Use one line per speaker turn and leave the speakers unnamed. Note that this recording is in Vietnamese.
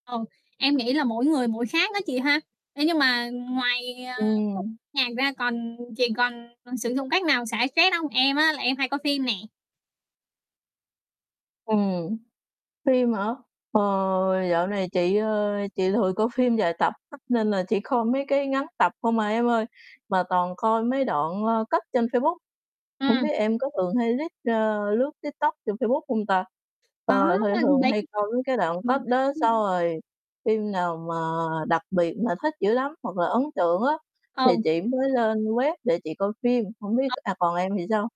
Ờ, em nghĩ là mỗi người mỗi khác á chị ha, thế nhưng mà ngoài, ờ,
Ừm.
nhạc ra còn chị còn sử dụng cách nào xả stress không? Em á, là em hay coi phim nè.
Ừm, phim hả? Ờ, dạo này chị, ơ, chị lười coi phim dài tập á nên là chỉ coi mấy cái ngắn tập không à em ơi, mà toàn coi mấy đoạn, ơ, cắt trên Facebook, hổng
Ừm.
biết em có thường hay lít a, lướt TikTok trên Facebook hông ta?
Có,
Ờ, thì
ờ,
thường
bên
hay coi mấy cái đoạn cắt
ừm,
đó xong rồi phim nào mà đặc biệt mà thích dữ lắm hoặc là ấn tượng á thì
Ồ.
chị mới lên web để chị coi phim, hổng biết
[unintelligible]
à, còn em thì sao?